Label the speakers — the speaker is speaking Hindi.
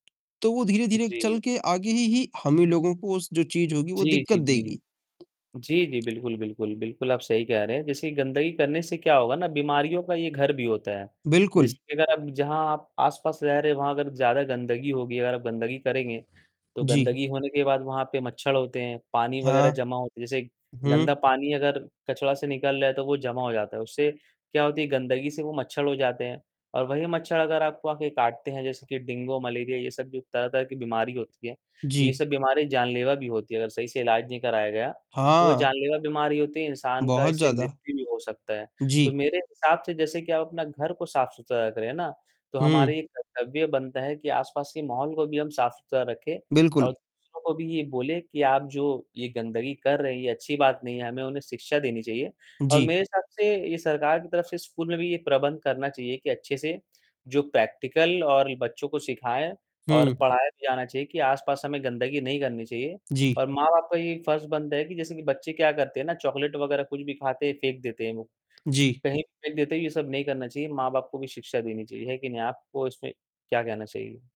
Speaker 1: तो वो धीरे-धीरे चल
Speaker 2: जी।
Speaker 1: के आगे ही ही हमें लोगों को उस जो चीज होगी वो
Speaker 2: जी, जी,
Speaker 1: दिक्कत
Speaker 2: जी।
Speaker 1: देगी।
Speaker 2: जी, जी, बिल्कुल, बिल्कुल। बिल्कुल, आप सही कह रहे हैं। जैसे गंदगी करने से क्या होगा ना बीमारियों का ये घर भी होता है। जैसे
Speaker 1: बिल्कुल।
Speaker 2: कि अगर अब जहाँ आप आसपास रह रहे हैं, वहाँ अगर ज़्यादा गंदगी होगी, अगर आप गंदगी करेंगे, तो
Speaker 1: जी।
Speaker 2: गंदगी होने के बाद वहाँ पर मच्छर होते हैं, पानी वगैरह
Speaker 1: हाँ।
Speaker 2: जमा होते हैं, जैसे गंदा
Speaker 1: हुँ।
Speaker 2: पानी अगर कचरा से निकल रहा है तो वो जमा हो जाता है, उससे क्या होती है, गंदगी से वो मच्छर हो जाते हैं और वही मच्छर अगर आपको आकर काटते हैं जैसे कि डेंगू, मलेरिया ये सब भी तरह-तरह की बीमारी होती है। ये
Speaker 1: जी।
Speaker 2: सब बीमारी जानलेवा भी होती है अगर सही से इलाज नहीं कराया गया, तो वो
Speaker 1: हाँ।
Speaker 2: जानलेवा बीमारी होती है, इंसान का
Speaker 1: बहुत
Speaker 2: इससे
Speaker 1: ज़्यादा।
Speaker 2: मृत्यु भी हो सकता है। तो
Speaker 1: जी।
Speaker 2: मेरे हिसाब से जैसे कि आप अपना घर को साफ-सुथरा रख रहें है ना, तो
Speaker 1: हुँ।
Speaker 2: हमारी कर्तव्य बनता है कि आसपास के माहौल को भी हम साफ-सुथरा रखें
Speaker 1: बिल्कुल।
Speaker 2: और दूसरों को भी ये बोले कि आप जो, ये गंदगी कर रहे है ये अच्छी बात नहीं है, हमें उन्हें शिक्षा देनी चाहिए और
Speaker 1: जी।
Speaker 2: मेरे हिसाब से ये सरकार की तरफ से स्कूल में भी ये प्रबंध करना चाहिए कि अच्छे से जो प्रैक्टिकल और बच्चों को सिखाया और
Speaker 1: हुँ।
Speaker 2: पढ़ाया भी जाना चाहिए कि आसपास हमें गंदगी नहीं करनी चाहिए
Speaker 1: जी।
Speaker 2: और माँ-बाप का ये फ़र्ज बनता है कि जैसे कि बच्चे क्या करते हैं ना चॉकलेट वगैरह कुछ भी खाते हैं, फेंक देते हैं वो,
Speaker 1: जी।
Speaker 2: कहीं फेंक देते हैं ये सब नहीं करना चाहिए, माँ-बाप को भी शिक्षा देनी चाहिए, है कि नहीं? आपको इसमें क्या कहना चाहिए?